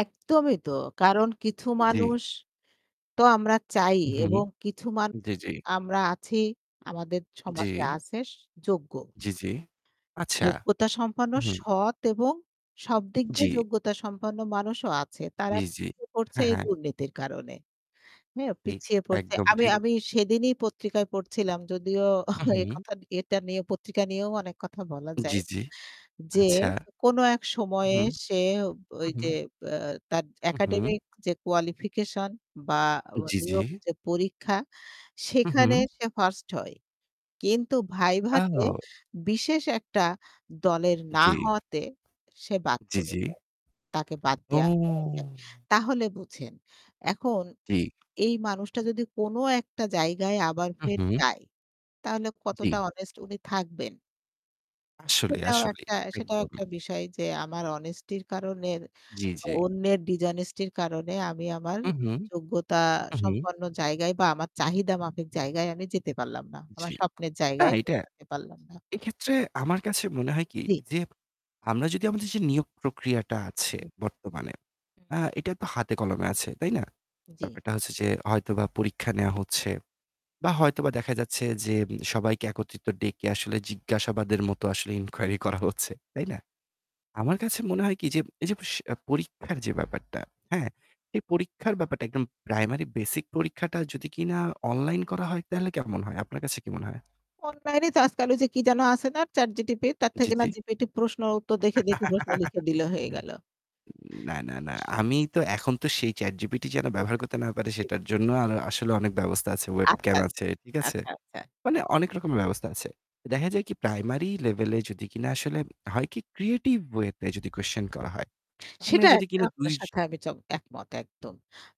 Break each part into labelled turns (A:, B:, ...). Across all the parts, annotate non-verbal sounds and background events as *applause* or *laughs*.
A: একদমই তো, কারণ কিছু
B: জ্বি।
A: মানুষ তো আমরা চাই
B: উ হু।
A: এবং কিছু মান
B: জ্বী, জ্বী।
A: আমরা আছি আমাদের
B: জ্বি।
A: সমাজে আছে যোগ্য।
B: জ্বি, জ্বি, আচ্ছা।
A: যোগ্যতা সম্পন্ন
B: উ হু।
A: সৎ এবং সব দিক দিয়ে
B: জ্বি।
A: যোগ্যতা সম্পন্ন মানুষও আছে। তারা
B: জ্বী, জ্বী।
A: পিছিয়ে পড়ছে
B: হ্যাঁ,
A: এই
B: হ্যাঁ।
A: দুর্নীতির কারণে। হ্যাঁ,
B: ঠিক
A: পিছিয়ে পড়ছে।
B: একদম
A: আমি
B: ঠিক।
A: আমি সেদিনই পত্রিকায় পড়ছিলাম যদিও
B: উ
A: *chuckles* এই
B: হু।
A: কথা নিয়ে এটা নিয়ে পত্রিকা নিয়েও অনেক কথা বলা
B: জ্বি,
A: যায়
B: জ্বি।
A: যে
B: আচ্ছা।
A: কোন এক
B: উ
A: সময়ে
B: হু।
A: সে ব
B: হু,
A: অই
B: হু।
A: যে বা যে তার
B: হু, হু।
A: একাডেমিক যে qualification বা অ
B: জ্বি, জ্বি।
A: নিয়োগ যে পরীক্ষা
B: হু,
A: সেখানে
B: হু।
A: সে 1st হয়। কিন্তু ভাইভাতে
B: য়াও।
A: বিশেষ একটা দলের না
B: জ্বি।
A: হওয়াতে সে বাদ
B: জ্বি,
A: পড়ে
B: জ্বি।
A: যায়। তাকে বাদ
B: ও।
A: দেওয়া হয়ে যায়। তাহলে বুঝেন এখন
B: টি
A: এই মানুষটা যদি কোনো একটা জায়গায় আবার
B: হুঁ,
A: ফের
B: হুঁ।
A: যায় তাহলে কতটা
B: জ্বি।
A: honest উনি থাকবেন?
B: আসলেই,
A: সেটাও
B: আসলেই।
A: একটা, সেটাও
B: একদম।
A: একটা বিষয় যে আমার honesty র কারনের
B: জ্বি,
A: ব
B: জ্বি।
A: অন্যের dishonesty র কারণে আমি আমার
B: উঁ হুঁ।
A: যোগ্যতা
B: উ হুঁ।
A: সম্পন্ন জায়গায় বা আমার চাহিদা মাফিক জায়গায় আমি যেতে পারলাম না। আমার
B: জ্বি,
A: স্বপ্নের
B: না
A: জায়গায়
B: এইটা।
A: পৌঁছাতে পারলাম না।
B: এক্ষেত্রে আমার কাছে মনে হয় কি?
A: জি।
B: যে আমরা যদি আমাদের যে নিয়োগ প্রক্রিয়াটা আছে
A: হুম।
B: বর্তমানে য়া এটা তো হাতে কলমে আছে। তাই না?
A: জ্বী।
B: ব্যাপারটা হচ্ছে যে হয়তোবা পরীক্ষা নেওয়া হচ্ছে বা হয়তোবা দেখা যাচ্ছে যে সবাইকে একত্রিত ডেকে আসলে জিজ্ঞাসাবাদের মতো আসলে inquery করা হচ্ছে। তাই না? আমার কাছে মনে হয় কি? যে এই যে স পরীক্ষার যে ব্যাপারটা, হ্যাঁ? এই পরীক্ষার ব্যাপারটা একদম প্রাইমারি বেসিক পরীক্ষাটা যদি কিনা অনলাইন করা হয়, তাহলে কেমন হয়? আপনার কাছে কি মনে হয়?
A: অনলাইনে তো আজকাল ওই যে কি যেন আছে না? ChatGPT তার
B: জি,
A: থেকে না
B: জি।
A: জিপিটি প্রশ্ন উত্তর দেখে, দেখে প্রশ্ন লিখে
B: *laughs*
A: দিলে। হয়ে গেল।
B: উ না, না, না। আমি তো এখন তো সেই ChatGPT যেন ব্যবহার করতে না পারে
A: জি।
B: সেটার জন্য আর আসলে অনেক ব্যবস্থা আছে।
A: আচ্ছা,
B: Webcam আছে। ঠিক
A: আচ্ছা,
B: আছে?
A: আচ্ছা, আচ্ছা।
B: মানে অনেক রকমের ব্যবস্থা আছে। দেখা যায় কি প্রাইমারি লেভেলে যদি কিনা আসলে হয় কি? Creative way তে যদি কোয়েশশান করা হয়। আমরা
A: সেটা
B: যদি
A: একটা
B: কিনা
A: আপনার
B: দুই
A: সাথে আমি চ একমত একদম।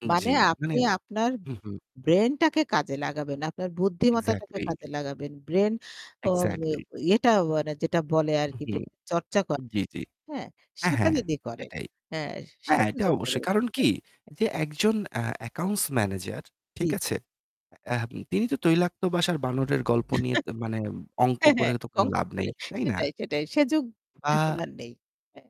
A: মানে
B: জ্বি। মানে
A: আপনি আপনার
B: হু, হু।
A: ব্রেইনটাকে কাজে লাগাবেন, আপনার বুদ্ধিমত্তাটাকে
B: এক্সাক্টলি।
A: কাজে লাগাবেন। ব্রেইন ত বে
B: এক্সাক্টলি।
A: ইয়েটা মানে যেটা বলে
B: উ
A: আরকি
B: হু।
A: ব্রেইন চর্চা করা।
B: জ্বি, জ্বি।
A: হ্যাঁ,
B: হ্যাঁ,
A: সেটা
B: হ্যাঁ।
A: যদি করেন
B: সেটাই।
A: হ্যাঁ, সে
B: হ্যাঁ, এটা
A: সুযোগটা দে
B: অবশ্যই। কারণ কি? যে একজন আ accounts manager,
A: জ্বী,
B: ঠিক
A: জ্বী।
B: আছে? আ এহ তিনি তো তৈলাক্ত বাসার বানরের গল্প নিয়ে মানে অঙ্ক
A: হ্যাঁ,
B: করে
A: হ্যাঁ,
B: তো কোন
A: অঙ্ক
B: লাভ নাই।
A: করে।
B: তাই না?
A: সেটাই, সেটাই। সে যুগ এখন
B: আ
A: আর নেই। হ্যাঁ।